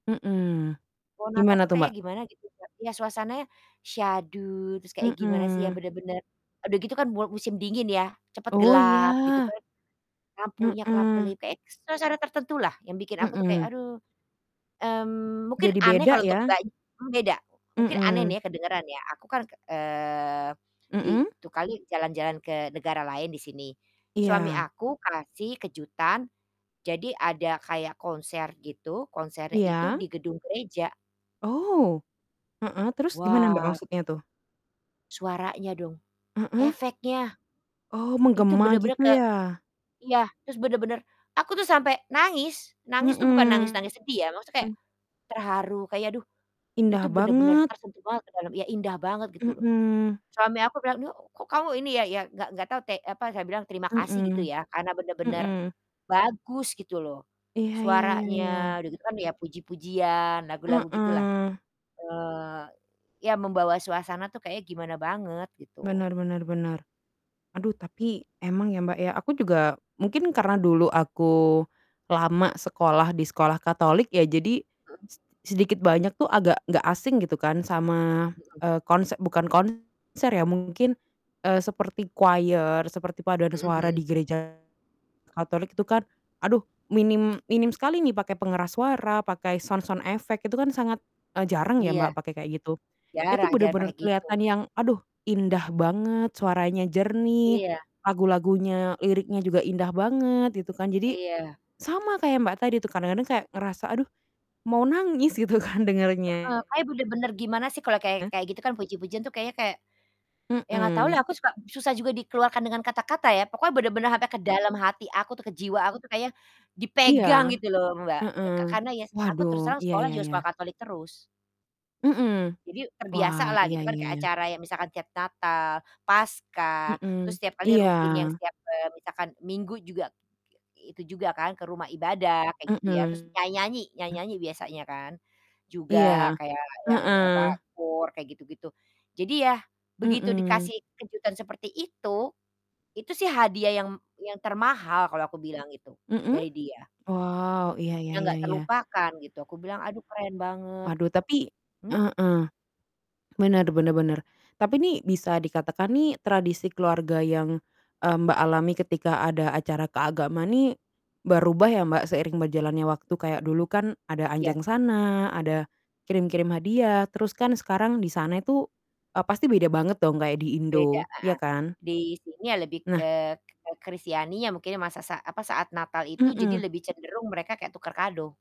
Mhm, Pohon Natal gimana tuh tuh, kayaknya Mbak? gimana gitu, Kak. Ya suasananya syahdu terus kayak gimana sih ya, Mhm. bener-bener eee, udah gitu kan mua musim dingin ya, cepet Oh, gelap gitu iya. kan. Lampunya Mhm. kelap-kelip kayak suasana tertentulah yang bikin aku tuh kayak, Mhm. "Aduh." Mmm, mungkin Jadi aneh beda kalo untuk ya. Mbaknya, beda mungkin aneh Mhm. nih kedengeran ya aku kan ke eee, di Mhm. itu kali jalan-jalan ke negara lain di sini. Suami Iya. aku kasih kejutan, jadi ada kayak konser gitu, konsernya itu Iya. di gedung gereja. Oh! Heeh, terus gimana Mbak, Wah. maksudnya tuh? Suaranya dong, Heeh. efeknya, Oh, itu menggema bener-bener gitu ke ya. iya, terus bener-bener aku tuh sampai nangis! Nangis tuh bukan Mhm. nangis-nangis sedih ya, maksudnya kek terharu kayak aduh itu Indah bener-bener banget. tersentuh banget ke dalam, ya indah banget gitu loh. Mhm. Suami aku bilang, "Ini kok kamu ini ya" ya nggak nggak tau te apa, saya bilang, "terima kasih," gitu Mhm. ya. Karena bener-bener Mhm. bagus gitu loh Iya iya iya iya. suaranya, udah gitu kan ya puji-pujian, lagu-lagu gitulah. Heeh. Eee, ya membawa suasana tuh kayaknya gimana banget gitu. Bener bener bener. Aduh tapi emang ya, Mbak, ya aku juga mungkin karena dulu aku lama sekolah di sekolah Katolik ya, jadi Mhm. seti sedikit banyak tuh agak nggak asing gitu kan sama, Mhm. eee, konse bukan konser ya mungkin, eee, seperti choir, seperti paduan Mhm suara mhm. di gereja Katolik itu kan, aduh minim minim sekali nih pakai pengeras suara, pakai sound sound effect, itu kan sangat, eee, jarang ya Iya. Mbak, pakai kayak gitu. Itu Jarang jarang pake bener-bener gitu. kelihatan yang, aduh, indah banget, suaranya jernih, Iya. lagu-lagunya liriknya juga indah banget gitu kan. Jadi Iya. sama kayak Mbak tadi tuh, kadang-kadang saya ngerasa, aduh mau nangis gitu kan dengernya. Heeh, kayaknya bener-bener gimana sih kalau kayak kayak gitu kan puji-pujian tuh kayaknya kayak ya nggak Mhm. tahulah aku suka susah juga dikeluarkan dengan kata-kata ya. Pokoknya bener-bener sampai ke dalam hati aku tuh, ke jiwa aku tuh kayaknya Iya. dipegang gitu loh Mbak, le Heeh. ka karena ya aku Waduh, terus terang iya sekolah iya juga iya. sekolah Katolik terus. Mhm. Jadi Wah, terbiasalah iya gitu kan iya kayak iya. acara ya misalkan tiap Natal, Paskah, terus Mhm, setiap kali iya. rutin yang setiap, eee, misalkan Minggu juga i itu juga kan ke rumah ibadah, kayak gitu ya. Terus Mhm. nyanyi-nyanyi, nyanyi-nyanyi biasanya kan, juga Iya, kayak yang apa, heeh. koor kayak gitu-gitu. Jadi ya begitu Mhm. dikasih kejutan seperti itu, itu sih hadiah yang yang termahal kalau aku bilang itu Mhm. dari dia. Wow, iya iya Yang iya nggak iya. terlupakan gitu. Aku bilang, "Aduh keren banget," Waduh gitu. tapi Mmm? heeh. Bener bener bener. Tapi nih bisa dikatakan nih tradisi keluarga yang, eee, Mbak alami ketika ada acara keagamaan nih berubah ya Mbak, seiring berjalannya waktu kayak dulu kan ada Iya. anjangsana, ada kirim-kirim hadiah, terus kan sekarang di sana itu, eee, pasti beda banget dong kayak di Beda, Indo, ya heeh. kan? Di sini ya lebih Nah. ke ke Kristianinya mungkin ya masa sa apa, saat Natal itu jadi Mhm. lebih cenderung mereka kayak tukar kado.